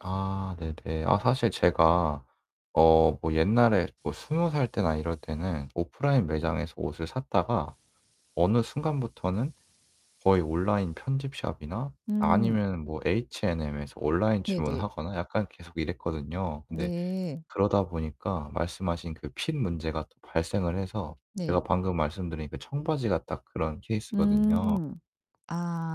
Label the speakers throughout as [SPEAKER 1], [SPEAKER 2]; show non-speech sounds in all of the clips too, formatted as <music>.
[SPEAKER 1] 아 네네. 아 사실 제가 어 뭐 옛날에 뭐 20 살 때나 이럴 때는 오프라인 매장에서 옷을 샀다가 어느 순간부터는 거의 온라인 편집샵이나
[SPEAKER 2] 음.
[SPEAKER 1] 아니면은 뭐 H&M에서 온라인
[SPEAKER 2] 네네.
[SPEAKER 1] 주문하거나 약간 계속 이랬거든요. 근데
[SPEAKER 2] 네.
[SPEAKER 1] 그러다 보니까 말씀하신 그 핏 문제가 발생을 해서 제가
[SPEAKER 2] 네.
[SPEAKER 1] 방금 말씀드린 그 청바지가 딱 그런 케이스거든요.
[SPEAKER 2] 음.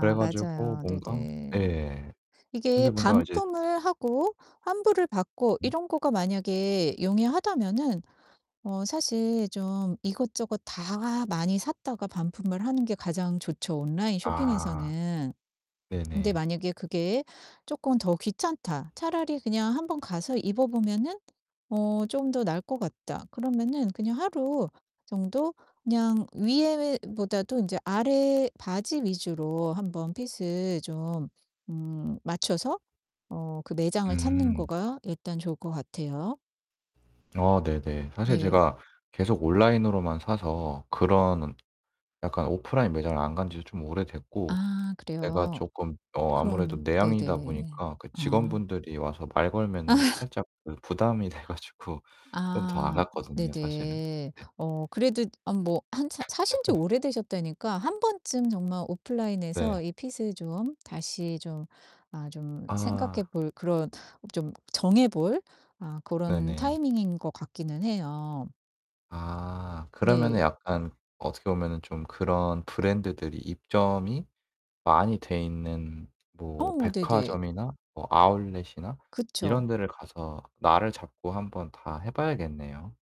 [SPEAKER 1] 그래 가지고
[SPEAKER 2] 맞아요.
[SPEAKER 1] 뭔가
[SPEAKER 2] 네네.
[SPEAKER 1] 예.
[SPEAKER 2] 이게
[SPEAKER 1] 근데 뭔가 이제
[SPEAKER 2] 반품을 하고 환불을 받고
[SPEAKER 1] 응?
[SPEAKER 2] 이런 거가 만약에 용이하다면은 어 사실 좀 이것저것 다 많이 샀다가 반품을 하는 게 가장 좋죠 온라인
[SPEAKER 1] 아.
[SPEAKER 2] 쇼핑에서는. 근데
[SPEAKER 1] 네네.
[SPEAKER 2] 만약에 '그게 쪼끔 더 귀찮다. 차라리 그냥 한번 가서 입어 보면은 어 좀 더 나을 것 같다.' 그러면은 그냥 하루 정도 그냥 위에 보다도 인제 아래 바지 위주로 한번 핏을 좀 음 맞춰서 어 그 매장을 찾는
[SPEAKER 1] 음.
[SPEAKER 2] 거가 일단 좋을 것 같아요.
[SPEAKER 1] 아 네네. 사실
[SPEAKER 2] 네.
[SPEAKER 1] 제가 계속 온라인으로만 사서 그런 약간 오프라인 매장을 안 간 지도 좀 오래됐고
[SPEAKER 2] 아
[SPEAKER 1] 내가
[SPEAKER 2] 그래요.
[SPEAKER 1] 쪼끔 어 아무래도
[SPEAKER 2] 그럼
[SPEAKER 1] 내향인이다
[SPEAKER 2] 네네.
[SPEAKER 1] 보니까 그
[SPEAKER 2] 아.
[SPEAKER 1] 직원분들이 와서 말 걸면은
[SPEAKER 2] 아.
[SPEAKER 1] 살짝 그 부담이 돼 가지고 좀 더 안
[SPEAKER 2] 아
[SPEAKER 1] 갔거든요 사실은.
[SPEAKER 2] 네네.
[SPEAKER 1] 네.
[SPEAKER 2] 어 그래도 아 뭐 한 사 사신지
[SPEAKER 1] <laughs>
[SPEAKER 2] 오래되셨다니까 한 번쯤 정말
[SPEAKER 1] 네.
[SPEAKER 2] 오프라인에서 이 핏을 좀 다시 좀 아 좀 생각해
[SPEAKER 1] 아.
[SPEAKER 2] 볼 그런 좀 정해 볼 아 고런
[SPEAKER 1] 네네.
[SPEAKER 2] 타이밍인 것 같기는 해요.
[SPEAKER 1] 아 그러면은
[SPEAKER 2] 네.
[SPEAKER 1] 약간 어떻게 보면은 좀 그런 브랜드들이 입점이 많이 돼 있는 뭐
[SPEAKER 2] 어 네네.
[SPEAKER 1] 백화점이나 뭐 아울렛이나
[SPEAKER 2] 그쵸.
[SPEAKER 1] 이런 데를 가서 날을 잡고 한번 다 해 봐야겠네요.